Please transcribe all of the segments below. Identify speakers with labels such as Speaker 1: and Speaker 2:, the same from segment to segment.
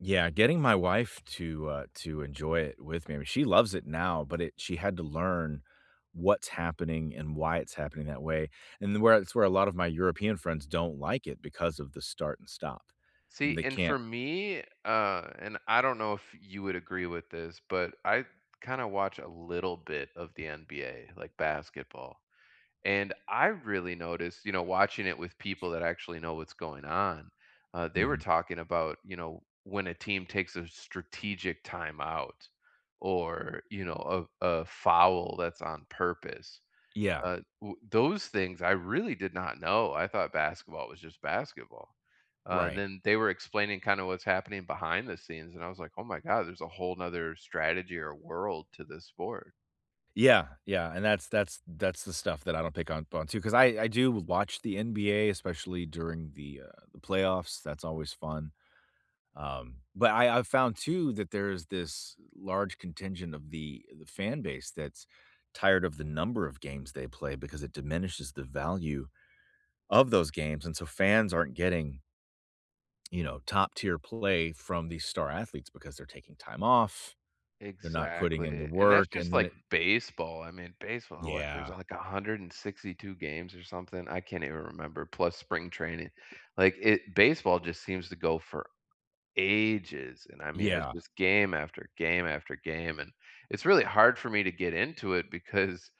Speaker 1: Yeah, getting my wife to, uh, to enjoy it with me, I mean- she loves it now- but it she had to learn what's happening and why it's happening that way. And the where it's where a lotta my European friends don't like it because of the start and stop.
Speaker 2: See,
Speaker 1: They
Speaker 2: and
Speaker 1: can't
Speaker 2: for me, uh, and I don't know if you would agree with this, but I kinda watch a little bit of the NBA, like basketball. And I really noticed, you know, watching it with people that actually know what's going on, uh, they were
Speaker 1: Mhm.
Speaker 2: talking about, you know, when a team takes a strategic time out or, you know, a a foul that's on purpose.
Speaker 1: Yeah.
Speaker 2: Uh, w those things, I really did not know. I thought basketball was just basketball. Uh, and
Speaker 1: Right.
Speaker 2: then they were explaining kinda what's happening behind the scenes, and I was, like, "Oh my god. There's a whole nother strategy or world to this sport."
Speaker 1: Yeah, yeah, and that's that's that's the stuff that I don't pick on pon to, ‘cause I I do watch the NBA, especially during the, uh, the playoffs, that's always fun. Um, but I I've found too that there's this large contingent of the the fan base that's tired of the number of games they play, because it diminishes the value of those games, and so fans aren't getting you know, top tier play from these star athletes because they're taking time off. They're not putting in the
Speaker 2: Exactly, and that's
Speaker 1: work,
Speaker 2: just
Speaker 1: and then
Speaker 2: like
Speaker 1: it
Speaker 2: baseball. I mean, baseball, what? There's,
Speaker 1: Yeah.
Speaker 2: like, a 162 games or something. I can't even remember, plus spring training, like, it baseball just seems to go for ages. And, I mean, it's
Speaker 1: Yeah.
Speaker 2: just game after game after game. And, it's really hard for me to get into it because,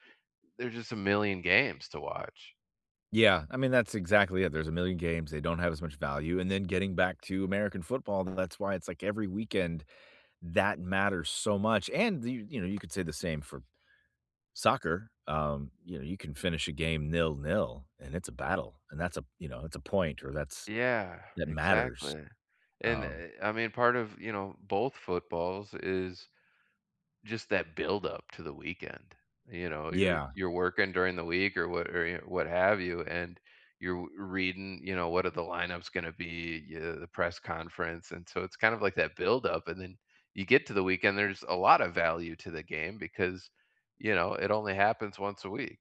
Speaker 2: there's just a million games to watch.
Speaker 1: Yeah. I mean, that's exactly it, there's a million games, they don't have as much value, and then getting back to American football, that's why it's like every weekend that matters so much, and you you know, you could say the same for soccer, um, you know, you can finish a game nil nil, and it's a battle, and that's a, you know, it's a point or that's,
Speaker 2: Yeah,
Speaker 1: that matters.
Speaker 2: exactly. And,
Speaker 1: Um
Speaker 2: eh I mean, part of, you know, both footballs, is just that buildup to the weekend. You know, you're
Speaker 1: Yeah.
Speaker 2: you're working during the week or what or y wh what have you, and you're reading, you know, what are the lineup's gonna be, uh, the press conference. And so it's kind of like that buildup, and then you get to the weekend. There's a lotta value to the game because, you know, it only happens once a week.